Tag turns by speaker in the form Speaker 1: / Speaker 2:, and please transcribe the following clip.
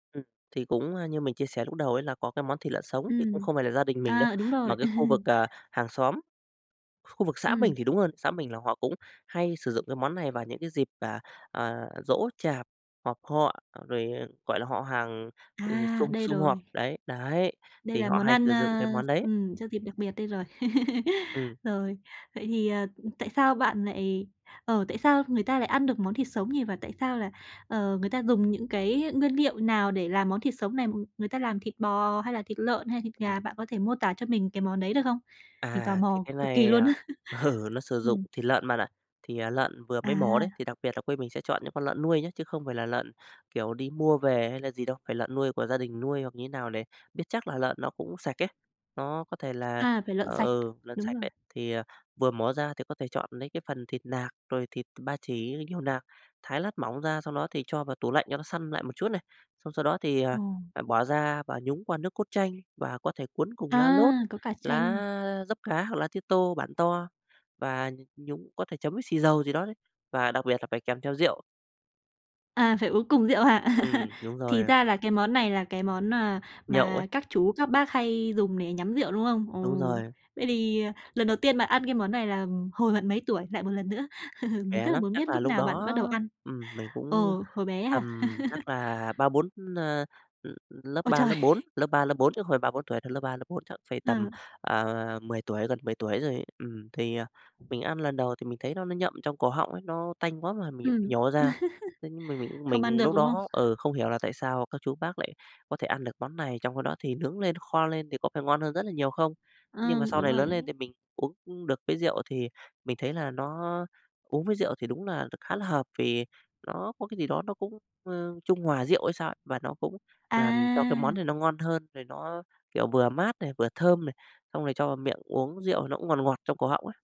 Speaker 1: Ừm, thì cũng, a, như mình chia sẻ lúc đầu ấy là có cái món thịt lợn sống thì cũng
Speaker 2: Ừm,
Speaker 1: không phải là gia đình mình đâu.
Speaker 2: à, đúng
Speaker 1: Mà
Speaker 2: rồi.
Speaker 1: cái khu vực, à, hàng xóm, khu vực xã mình
Speaker 2: Ừm.
Speaker 1: thì đúng hơn, xã mình là họ cũng hay sử dụng cái món này vào những cái dịp, à, à, giỗ chạp, họp họ rồi, gọi là, họ hàng, ờ,
Speaker 2: À,
Speaker 1: sum
Speaker 2: đây
Speaker 1: sum họp
Speaker 2: rồi.
Speaker 1: đấy, đấy,
Speaker 2: Đây
Speaker 1: thì
Speaker 2: là
Speaker 1: họ
Speaker 2: món
Speaker 1: hay
Speaker 2: ăn,
Speaker 1: sử
Speaker 2: ơ,
Speaker 1: dụng cái món đấy.
Speaker 2: ừm, cho dịp đặc biệt đây rồi.
Speaker 1: Ừm.
Speaker 2: Rồi. Vậy thì, à, ừm, tại sao bạn lại ờ, tại sao người ta lại ăn được món thịt sống nhỉ và tại sao là, ờ, người ta dùng những cái nguyên liệu nào để làm món thịt sống này, người ta làm thịt bò hay là thịt lợn hay thịt
Speaker 1: Ừm.
Speaker 2: gà? Bạn có thể mô tả cho mình cái món đấy được không? Mình tò
Speaker 1: À, thì
Speaker 2: mò
Speaker 1: cái
Speaker 2: cực kỳ
Speaker 1: này
Speaker 2: luôn
Speaker 1: à
Speaker 2: á!
Speaker 1: ừ, nó sử dụng
Speaker 2: Ừm.
Speaker 1: thịt lợn bạn ạ. Thì, à, lợn vừa mới mổ đấy,
Speaker 2: À.
Speaker 1: thì đặc biệt là quê mình sẽ chọn những con lợn nuôi nhá, chứ không phải là lợn, kiểu, đi mua về hay là gì đâu, phải lợn nuôi của gia đình nuôi hoặc như thế nào để biết chắc là lợn nó cũng sạch ấy, nó có thể là
Speaker 2: À, phải lợn sạch,
Speaker 1: ừ, lợn
Speaker 2: đúng
Speaker 1: sạch
Speaker 2: rồi.
Speaker 1: đấy, thì, à, vừa mổ ra thì có thể chọn nấy cái phần thịt nạc, rồi thịt ba chỉ nhiều nạc, thái lát mỏng ra, xong đó thì cho vào tủ lạnh cho nó săn lại một chút này, xong sau đó thì, à,
Speaker 2: Ồ.
Speaker 1: bỏ ra và nhúng qua nước cốt chanh và có thể cuốn cùng
Speaker 2: A,
Speaker 1: lá lốt,
Speaker 2: có cả chanh à.
Speaker 1: lá dấp cá hoặc lá tía tô bản to và nh nhúng có thể chấm với xì dầu gì đó đấy, và đặc biệt là phải kèm theo rượu.
Speaker 2: À, phải uống cùng rượu à?
Speaker 1: Ừm, đúng rồi
Speaker 2: Thì
Speaker 1: ạ.
Speaker 2: ra là cái món này là cái món nà
Speaker 1: Nhậu ấy.
Speaker 2: mà các chú, các bác hay dùng để nhắm rượu, đúng không? Ừ.
Speaker 1: Đúng rồi.
Speaker 2: Vậy thì lần đầu tiên bạn ăn cái món này là hồi bạn mấy tuổi, lại một lần nữa. Mình
Speaker 1: Trẻ
Speaker 2: rất là
Speaker 1: lắm,
Speaker 2: muốn biết
Speaker 1: chắc là
Speaker 2: lúc
Speaker 1: lúc
Speaker 2: nào bạn
Speaker 1: đó,
Speaker 2: bắt đầu ăn.
Speaker 1: ừm, mình cũng
Speaker 2: Ừ, hồi bé
Speaker 1: tầm
Speaker 2: à?
Speaker 1: chắc là 3, 4 ơ l lớp
Speaker 2: Ôi
Speaker 1: 3
Speaker 2: trời!
Speaker 1: lớp 4, lớp 3 lớp 4 chứ không phải 3, 4 tuổi đâu. Lớp 3 lớp 4, chắc phải tầm,
Speaker 2: Ừ.
Speaker 1: à, 10 tuổi, gần 10 tuổi rồi ấy. Ừm, thì, à, mình ăn lần đầu thì mình thấy nó nó nhậm trong cổ họng ấy, nó tanh quá mà
Speaker 2: Ừm.
Speaker 1: mình nhổ ra, thế nhưng mình mình
Speaker 2: Không ăn
Speaker 1: mình
Speaker 2: được,
Speaker 1: lúc
Speaker 2: đúng không?
Speaker 1: đó ừ, không hiểu là tại sao các chú bác lại có thể ăn được món này trong [unintelligible] đó thì nướng lên, kho lên thì có phải ngon hơn rất là nhiều không? Nhưng mà
Speaker 2: Ừm,
Speaker 1: sau
Speaker 2: đúng
Speaker 1: này
Speaker 2: rồi.
Speaker 1: lớn lên thì mình uống được cái rượu thì mình thấy là nó uống với rượu thì đúng là đ khá là hợp vì nó có cái gì đó nó cũng, ơ, trung hòa rượu hay sao ấy, và nó cũng làm cho cái món
Speaker 2: À!
Speaker 1: này nó ngon hơn rồi nó, kiểu, vừa mát này, vừa thơm này, xong rồi cho vào miệng uống rượu nó cũng ngọt ngọt trong cổ họng ấy.